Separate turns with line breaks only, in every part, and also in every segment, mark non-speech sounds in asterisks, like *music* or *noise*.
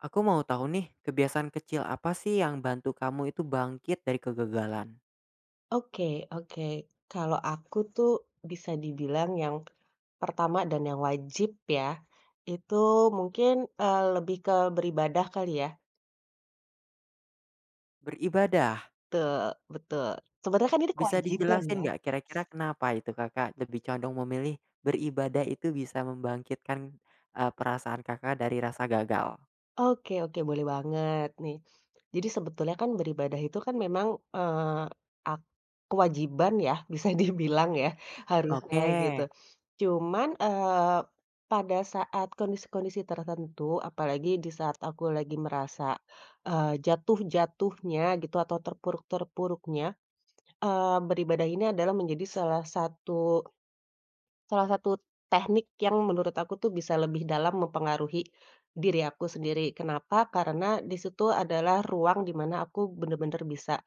Aku mau tahu nih, kebiasaan kecil apa sih, yang bantu kamu itu bangkit dari kegagalan?
Oke oke. Kalau aku tuh, bisa dibilang, yang pertama dan yang wajib, ya, itu mungkin, eee, lebih ke beribadah, kali ya.
Beribadah?
Betul betul. Sebenarnya kan, ini
Bisa
kewajiban,
dijelasin,
ya.
nggak, kira-kira kenapa itu, Kakak lebih condong memilih, beribadah itu bisa membangkitkan, eee, perasaan Kakak dari rasa gagal?
Oke oke, boleh banget, nih. Jadi sebetulnya, kan, beribadah itu kan, memang, eee, ak kewajiban ya, bisa dibilang, ya. Harusnya, gitu.
Oke.
Cuman, eee, pada saat kondisi-kondisi tertentu, apalagi di saat aku lagi merasa, eee, jatuh-jatuhnya, gitu, atau terpuruk-terpuruknya, eee, beribadah ini adalah menjadi salah satu salah satu tehnik yang menurut aku tuh, bisa lebih dalam mempengaruhi diri aku sendiri. Kenapa? Karena, di situ adalah ruang, di mana aku bener-bener bisa,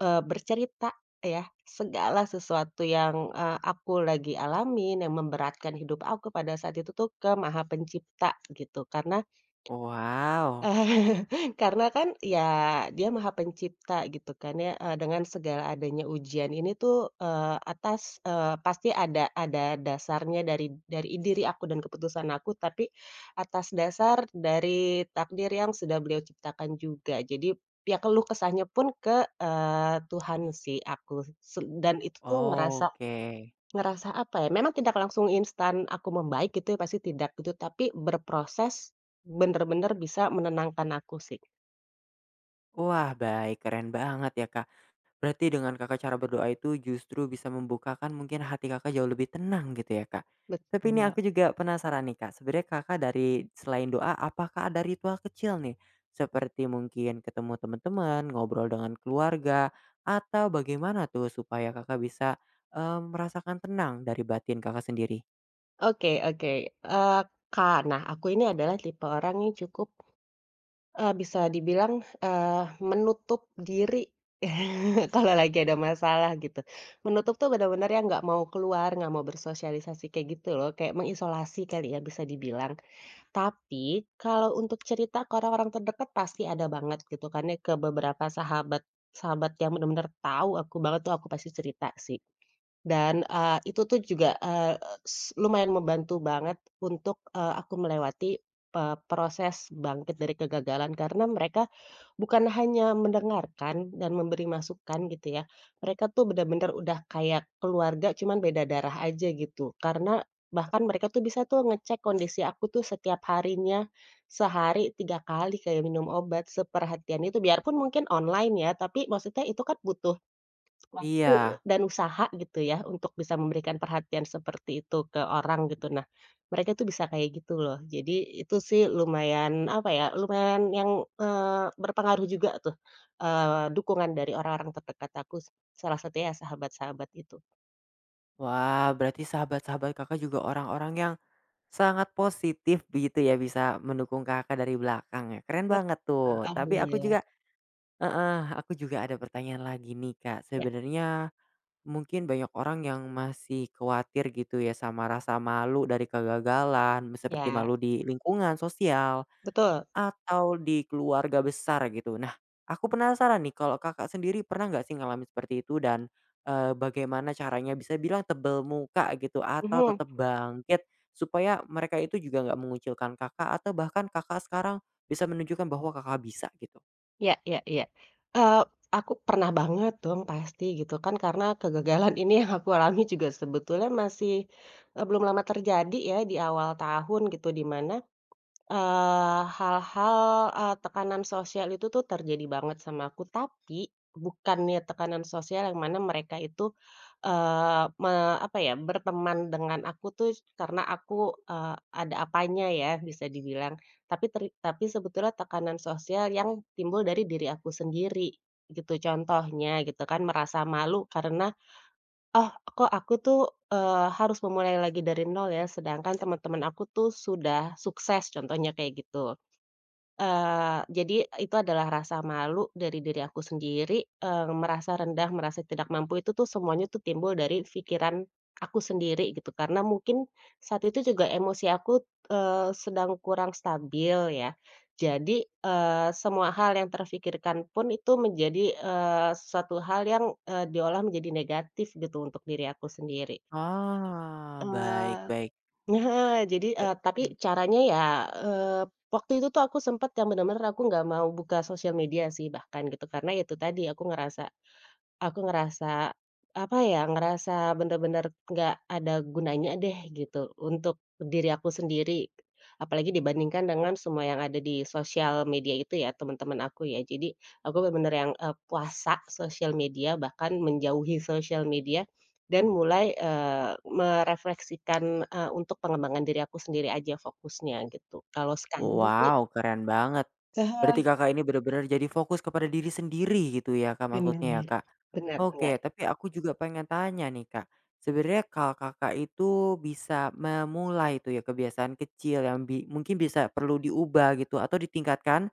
eee, bercerita ya, segala sesuatu yang, eee, aku lagi alamin, yang memberatkan hidup aku, pada saat itu tuh, ke Maha Pencipta, gitu. Karena
Wow.
*chuckles* karena kan, ya, dia Maha Pencipta, gitu kan, ya. Eee, dengan segala adanya ujian ini tuh, eee, atas eee, pasti ada ada dasarnya dari dari i diri aku dan keputusan aku, tapi atas dasar dari takdir yang sudah Beliau ciptakan juga. Jadi, ya keluh kesahnya pun, ke, eee, Tuhan sih, aku, seb dan itu tuh,
Oh,
ngerasa,
oke.
ngerasa apa ya, memang tidak langsung instan aku membaik, gitu ya, pasti tidak, gitu. Tapi, berproses, bener-bener bisa menenangkan aku, sih.
Wah, baik. Keren banget ya, Kak. Berarti dengan Kakak cara berdoa itu, justru bisa membukakan mungkin hati Kakak jauh lebih tenang, gitu ya, Kak. Tapi
Betul,
ini
Mbak.
aku juga penasaran, nih, Kak. Sebenarnya Kakak dari selain doa, apakah ada ritual kecil, nih, seperti mungkin ketemu temen-temen, ngobrol dengan keluarga, atau bagaimana tuh, supaya Kakak bisa, eee, merasakan tenang dari batin Kakak sendiri?
Oke oke. Eee, ka nah, aku ini adalah tipe orang yang cukup eee, bisa dibilang, eee, menutup diri, *chuckles* kalau lagi ada masalah, gitu. Menutup tuh, bener-bener yang nggak mau keluar, nggak mau bersosialisasi kayak gitu, loh, kayak mengisolasi, kali ya, bisa dibilang. Tapi, kalau untuk cerita ke orang-orang terdekat, pasti ada banget, gitu kan, ya, ke beberapa sahabat sahabat yang benar-benar tahu aku banget tuh, aku pasti cerita, sih. Dan, eee, itu tuh juga, eee, s lumayan membantu banget untuk, eee, aku melewati pe proses bangkit dari kegagalan. Karena mereka bukan hanya mendengarkan dan memberi masukan, gitu ya. Mereka tuh, bener-bener udah kayak keluarga, cuman beda darah aja, gitu. Karena bahkan mereka tuh, bisa tuh, ngecek kondisi aku tuh setiap harinya, sehari 3 kali, kayak minum obat. Seperhatian itu. Biarpun mungkin online, ya. Tapi, maksudnya, itu kan butuh waktu,
Iya.
dan usaha, gitu ya, untuk bisa memberikan perhatian seperti itu ke orang, gitu. Nah, mereka itu bisa kayak gitu, loh. Jadi, itu sih, lumayan, apa ya. Lumayan yang, eee, berpengaruh juga tuh, eee, dukungan dari orang-orang terdekat aku, s salah satunya ya sahabat-sahabat itu.
Wah, berarti sahabat-sahabat Kakak juga orang-orang yang, sangat positif begitu ya bisa, mendukung Kakak dari belakang ya, keren
Ya.
banget tuh.
E
Tapi aku
alhamdulillah.
juga heeh, aku juga ada pertanyaan lagi nih, Kak.
Iya.
Sebenarnya mungkin banyak orang yang masih kuatir gitu ya, sama rasa malu dari kegagalan, seperti
Iya.
malu di lingkungan sosial,
Betul.
atau di keluarga besar gitu. Nah, aku penasaran nih kalau Kakak sendiri pernah nggak sih ngalamin seperti itu, dan, eee, bagaimana caranya bisa bilang tebel muka gitu, atau
Mhm.
tetap bangkit? Supaya mereka itu juga nggak mengucilkan Kakak, atau bahkan Kakak sekarang, bisa menunjukkan bahwa Kakak bisa gitu.
Iya iya iya, eee, aku pernah banget dong pasti, gitu kan, karena kegagalan ini yang aku alami juga sebetulnya masih, eee, belum lama terjadi ya, di awal tahun gitu, di mana, eee, hal-hal, eee, tekanan sosial itu tuh terjadi banget sama aku, tapi bukannya tekanan sosial yang mana mereka itu, eee, me apa ya, berteman dengan aku tuh, karena aku, eee, ada apanya ya, bisa dibilang, tapi teri tapi sebetulnya tekanan sosial yang timbul dari diri aku sendiri, gitu. Contohnya, gitu kan, merasa malu karena, "Oh kok aku tuh, eee, harus memulai lagi dari nol ya, sedangkan teman-teman aku tuh, sudah sukses," contohnya kayak gitu. Eee, jadi itu adalah rasa malu dari diri aku sendiri, eee, merasa rendah, merasa tidak mampu itu tuh semuanya timbul dari pikiran aku sendiri gitu, karena mungkin, saat itu juga emosi aku, eee, sedang kurang stabil ya, jadi, eee, semua hal yang terpikirkan pun itu menjadi, eee, suatu hal yang, eee, diolah menjadi negatif gitu, untuk diri aku sendiri.
Oh, baik
Eee,
baik.
nah jadi
E
eee, tapi
mmm.
caranya ya, eee, waktu itu tuh aku sempet yang benar-benar aku nggak mau buka sosial media sih, bahkan gitu, karena ya itu tadi, aku ngerasa aku ngerasa, apa ya, ngerasa benar-benar nggak ada gunanya deh gitu, untuk diri aku sendiri, apalagi dibandingkan dengan semua yang ada di sosial media itu ya, teman-teman aku ya, jadi, aku benar-benar yang, eee, puasa sosial media, bahkan menjauhi sosial media, dan mulai, eee, merefleksikan, eee, untuk pengembangan diri aku sendiri aja fokusnya, gitu. Kalau sekarang sih
Wow keren banget,
Te ha
berarti Kakak ini benar-benar jadi fokus kepada diri sendiri gitu ya, Kak,
Benar,
maksudnya ya, Kak.
benar benar.
Oke, tapi aku juga pengen tanya nih, Kak, sebenarnya kalau Kakak itu bisa memulai itu ya, kebiasaan kecil yang bi mungkin bisa perlu diubah gitu, atau ditingkatkan,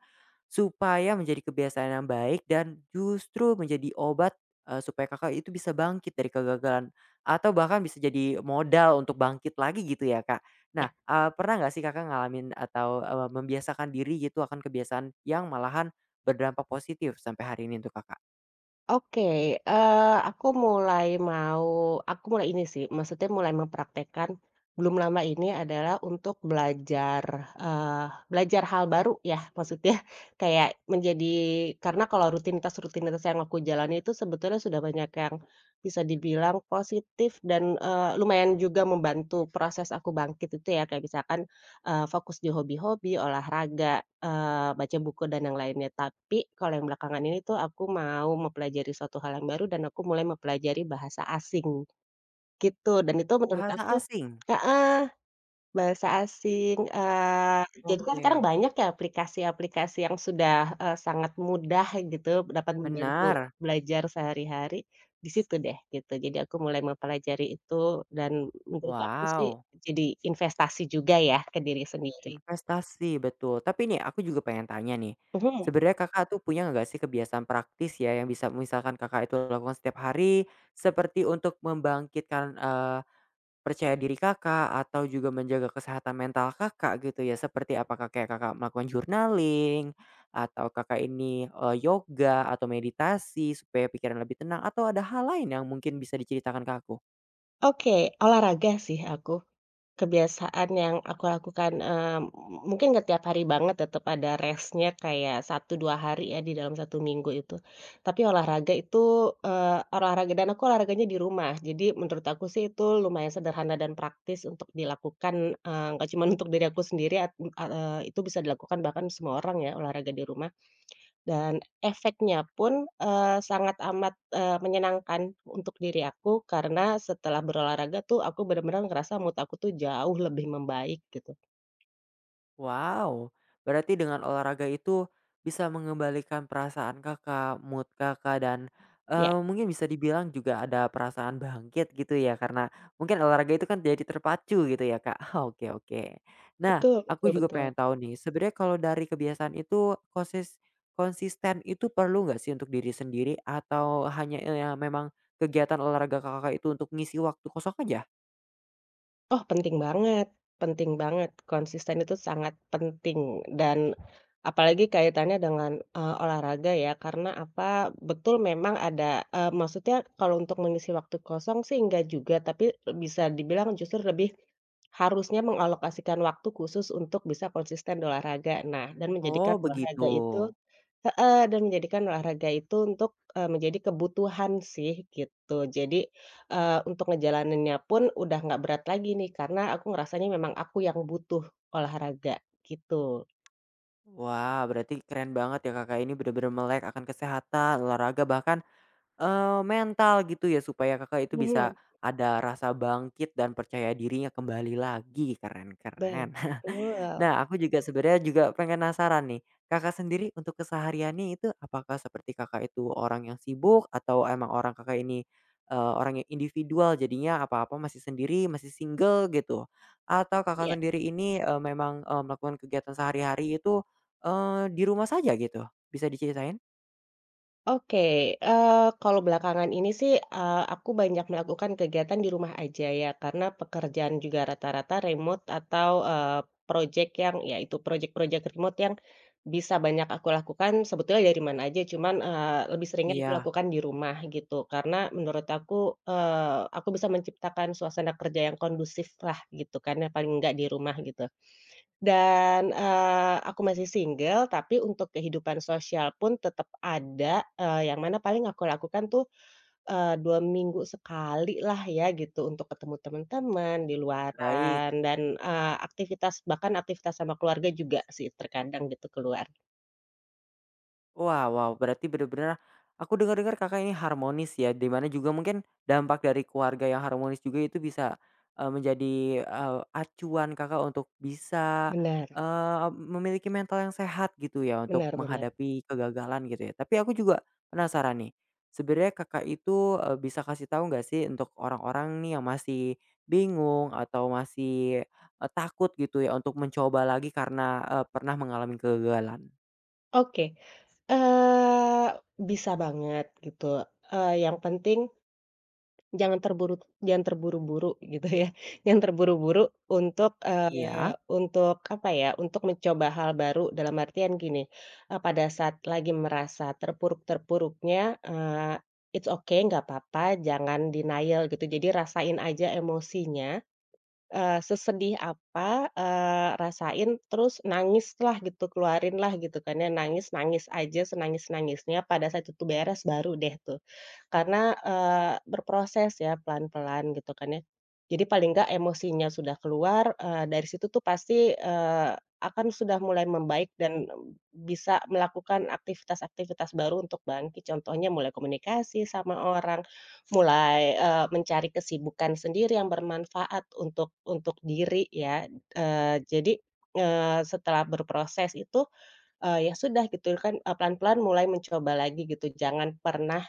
supaya menjadi kebiasaan yang baik dan justru menjadi obat, eee, supaya Kakak itu bisa bangkit dari kegagalan, atau bahkan bisa jadi modal untuk bangkit lagi gitu ya, Kak. Nah,
Iya.
eee, pernah nggak sih Kakak ngalamin atau, eee, membiasakan diri gitu, akan kebiasaan yang malahan berdampak positif sampai hari ini untuk Kakak?
Oke, eee, aku mulai mau aku mulai ini sih maksudnya mulai mempraktekkan, belum lama ini adalah untuk belajar, eee, belajar hal baru ya, maksudnya, kayak menjadi karena kalau rutinitas-rutinitas yang aku jalani itu sebetulnya sudah banyak yang bisa dibilang positif, dan, eee, lumayan juga membantu proses aku bangkit itu ya, kayak misalkan, eee, fokus dihobi-hobi, olahraga, eee, baca buku dan yang lainnya. Tapi, kalau yang belakangan ini tuh aku mau mempelajari suatu hal yang baru dan aku mulai mempelajari bahasa asing, gitu. Dan itu menurut
Bahasa
aku
asing?
heeh, bahasa asing, eee, itu kan sekarang
Oke.
banyak ya aplikasi-aplikasi yang sudah, eee, sangat mudah gitu, dapat membantu
Benar.
belajar sehari-hari, di situ deh, gitu, jadi aku mulai mempelajari itu dan menurut aku sih,
Wow.
jadi investasi juga ya ke diri sendiri.
Investasi, betul, tapi nih aku juga pengen tanya nih,
Mhm.
sebenarnya Kakak tuh punya nggak sih kebiasaan praktis ya, yang bisa misalkan Kakak itu lakukan setiap hari, seperti untuk membangkitkan, eee, percaya diri Kakak, atau juga menjaga kesehatan mental Kakak, gitu ya. Seperti apakah kayak Kakak melakukan journaling, atau Kakak ini, eee, yoga, atau meditasi, supaya pikiran lebih tenang, atau ada hal lain yang mungkin bisa diceritakan ke aku?
Oke, olahraga sih aku, kebiasaan yang aku lakukan, eee, mungkin nggak tiap hari banget tetap ada rest-nya kayak 1, 2 hari ya, di dalam 1 minggu itu. Tapi olahraga itu, eee, olahraga, dan aku olahraganya di rumah, jadi menurut aku sih itu lumayan sederhana dan praktis untuk dilakukan, eee, nggak cuma untuk diri aku sendiri, at eee, itu bisa dilakukan, bahkan semua orang ya, olahraga di rumah. *clicks tongue* Dan, efeknya pun, eee, sangat amat, eee, menyenangkan untuk diri aku, karena setelah berolahraga tuh aku benar-benar ngerasa mood aku tuh jauh lebih membaik, gitu.
Wow, berarti dengan olahraga itu, bisa mengembalikan perasaan Kakak, mood Kakak, dan,
Iya.
eee, mungkin bisa dibilang juga ada perasaan bangkit gitu ya, karena mungkin olahraga itu kan jadi terpacu gitu ya, Kak, oke oke. Nah,
Betul, betul
aku juga
betul.
pengen tahu nih, sebenarnya kalau dari kebiasaan itu, kosis konsisten itu perlu enggak sih untuk diri sendiri, atau hanya, eee, memang kegiatan olahraga Kakak itu untuk mengisi waktu kosong aja?
Oh penting banget penting banget, konsisten itu sangat penting, dan, apalagi kaitannya dengan, eee, olahraga ya, karena, apa, betul memang ada, eee, maksudnya kalau untuk mengisi waktu kosong sih enggak juga, tapi bisa dibilang, justru lebih, *smacks lips* harusnya mengalokasikan waktu khusus untuk bisa konsisten olahraga. Nah, dan menjadikan
Oh
olahraga itu
begitu.
heeh, dan menjadikan olahraga itu untuk, eee, menjadi kebutuhan sih, gitu, jadi, eee, untuk ngejalaninnya pun udah gak berat lagi nih, karena aku ngerasanya memang aku yang butuh olahraga, gitu.
Wah, berarti keren banget ya Kakak ini benar-benar melek akan kesehatan, olahraga, bahkan, eee, mental gitu ya, supaya Kakak itu bisa,
Mhm.
ada rasa bangkit dan percaya dirinya kembali lagi, keren keren. *chuckles*
Betul.
Nah, aku juga sebenarnya juga, penasaran nih, Kakak sendiri untuk kesehariannya itu apakah seperti Kakak itu orang yang sibuk, atau emang orang Kakak ini, eee, orang yang individual, jadinya apa-apa masih sendiri, masih single gitu, atau Kakak
Iya.
sendiri ini, eee, memang, eee, melakukan kegiatan sehari-hari itu, eee, di rumah saja gitu, bisa diceritain?
Oke, eee, kalau belakangan ini sih, eee, aku banyak melakukan kegiatan di rumah aja ya, karena, pekerjaan juga rata-rata remote, atau, eee, projek yang, ya itu, projek-projek remote yang, bisa banyak aku lakukan, sebetulnya dari mana aja. Cuman, eee, lebih seringnya
Iya.
dilakukan di rumah, gitu. Karena, menurut aku, eee, aku bisa menciptakan suasana kerja yang kondusiflah gitu kan, yang paling enggak di rumah gitu. Dan, eee, aku masih single, tapi untuk kehidupan sosial pun tetap ada, eee, yang mana paling aku lakukan tuh, eee, 2 minggu sekalilah ya gitu, untuk ketemu teman-teman, di
Baik.
luaran dan, eee, aktivitas, bahkan aktivitas, sama keluarga juga sih terkadang gitu, keluar.
Wow wow, berarti bener-bener aku dengar-dengar Kakak ini harmonis, ya, di mana juga mungkin dampak dari keluarga yang harmonis juga itu bisa, eee, menjadi, eee, acuan Kakak untuk bisa,
Benar.
eee, memiliki mental yang sehat gitu, ya, untuk
Benar benar.
menghadapi kegagalan gitu, ya. Tapi aku juga penasaran, nih, sebenarnya Kakak itu, eee, bisa kasih tahu enggak, sih, untuk orang-orang, nih, yang masih bingung, atau masih, eee, takut gitu, ya, untuk mencoba lagi karena, eee, pernah mengalami kegagalan?
Oke. Eee, bisa banget gitu, eee, yang penting, jangan terburu jangan terburu-buru gitu, ya. Jangan terburu-buru untuk, eee,
Iya.
untuk apa, ya, untuk mencoba hal baru dalam artian gini. Eee, pada saat lagi merasa terpuruk-terpuruknya, eee, it's ok, nggak papa, jangan denial gitu, jadi rasain aja emosinya, eee, sesedih apa, eee, rasain terus nangislah gitu, keluarinlah gitu, kan, ya, nangis-nangis aja, senangis-nangisnya, pada saat itu beres baru, deh, tuh. Karena, eee, berproses, ya, pelan-pelan gitu, kan, ya. Jadi paling nggak emosinya sudah keluar, eee, dari situ tuh pasti, eee, akan sudah mulai membaik dan bisa melakukan aktivitas-aktivitas baru untuk bangkit, contohnya mulai komunikasi sama orang, mulai, eee, mencari kesibukan sendiri yang bermanfaat untuk untuk diri, ya, eee, jadi, eee, setelah berproses itu, eee, ya, sudah gitu, kan, eee, pelan-pelan mulai mencoba lagi gitu, jangan pernah,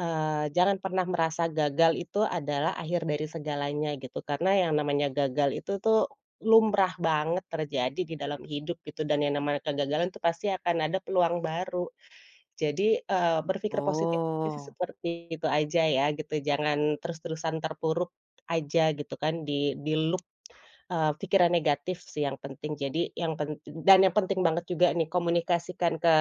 eee, jangan pernah merasa gagal itu adalah akhir dari segalanya gitu. Karena yang namanya gagal itu, tuh, lumrah banget terjadi di dalam hidup gitu, dan yang namanya kegagalan, tuh, pasti akan ada peluang baru. Jadi, eee, berpikir positif itu
Oh.
seperti itu aja, ya, gitu, jangan terus-terusan terpuruk aja gitu, kan, di diluk, eee, pikiran negatif, sih, yang penting, jadi yang pent dan yang penting banget juga, nih, komunikasikan ke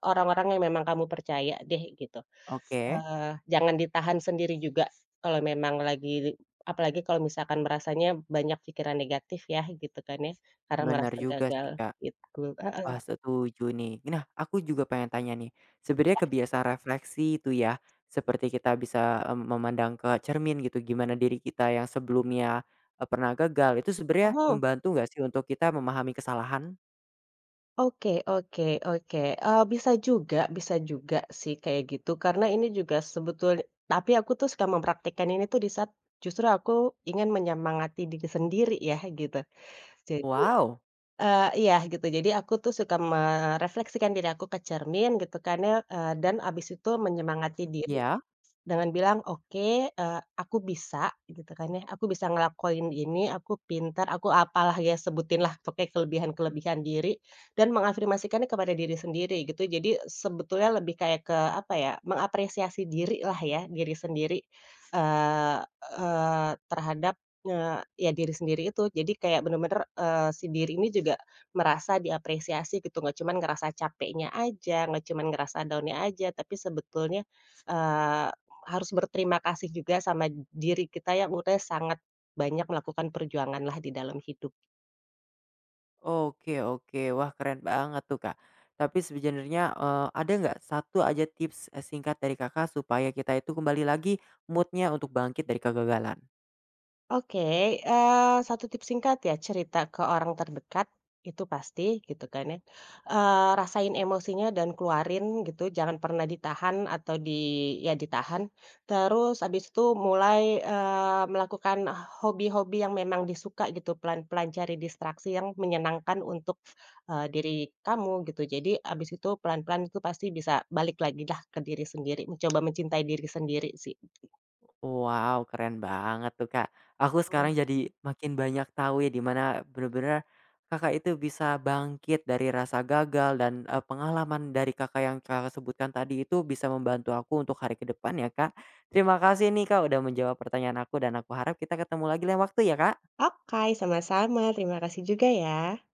orang-orang yang memang kamu percaya, deh, gitu.
Oke.
Eee, jangan ditahan sendiri juga, kalau memang lagi apalagi kalau misalkan merasanya banyak pikiran negatif, ya, gitu, kan ya, karena
Bener
merasa
juga,
gagal,
sih, Kak.
gitu.
Wah,
Heeh.
setuju, nih. Nah, aku juga pengen tanya, nih. Sebenarnya
Ya.
kebiasa refleksi itu, ya, seperti kita bisa, eee, memandang ke cermin gitu, gimana diri kita yang sebelumnya, eee, pernah gagal. Itu sebenarnya
Mhm.
membantu enggak, sih, untuk kita memahami kesalahan?
Oke oke oke, eee, bisa juga bisa juga, sih, kayak gitu karena ini juga sebetul tapi aku suka mempraktikan ini, tuh, di saat justru aku ingin menyemangati diri sendiri, ya, gitu. Jadi
Wow.
eee, iya, gitu. Jadi aku, tuh, suka merefleksikan diri aku ke cermin gitu, kan, ya, eee, dan habis itu menyemangati diri,
Iya.
dengan bilang, "Oke, eee, aku bisa," gitu, kan ya, "aku bisa ngelakuin ini, aku pintar, aku apalah." ya, sebutinlah pokoknya kelebihan kelebihan diri, dan mengafirmasikannya kepada diri sendiri gitu. Jadi sebetulnya lebih kayak ke apa, ya, mengapresiasi diri lah, ya, diri sendiri, eee eee, terhadap, eee, ya, diri sendiri itu. Jadi kayak bener-bener, eee, si diri ini juga merasa diapresiasi gitu, nggak cuman ngerasa capeknya aja, nggak cuman ngerasa down-nya aja, tapi sebetulnya, eee, harus berterima kasih juga sama d diri kita yang udah sangat banyak melakukan perjuangan lah di dalam hidup.
Oke oke, wah keren banget tuh Kak. Tapi sebenernya, eee, ada nggak satu aja tips, e singkat dari Kakak, supaya kita itu kembali lagi mood-nya untuk bangkit dari kegagalan?
Oke, eee, 1 tips singkat ya, cerita ke orang terdekat itu pasti gitu kan ya, eee, rasain emosinya dan keluarin gitu, jangan pernah ditahan atau di ya ditahan. Terus habis itu mulai, eee, melakukan hobi-hobi yang memang disukai gitu, pelan-pelan cari distraksi yang menyenangkan untuk, eee, diri kamu gitu. Jadi habis itu, pelan-pelan itu pasti bisa balik lagilah ke diri sendiri, mencoba mencintai diri sendiri sih.
Wow keren banget tuh Kak, aku sekarang
*unintelligible*
jadi makin banyak tahunya di mana, bener-bener, Kakak itu bisa bangkit dari rasa gagal dan, eee, pengalaman dari Kakak, yang Kakak sebutkan tadi itu bisa membantu aku untuk hari ke depan ya Kak. Terima kasih nih Kak udah menjawab pertanyaan aku dan aku harap kita ketemu lagi lain waktu ya Kak!
Okay, sama-sama, terima kasih juga ya.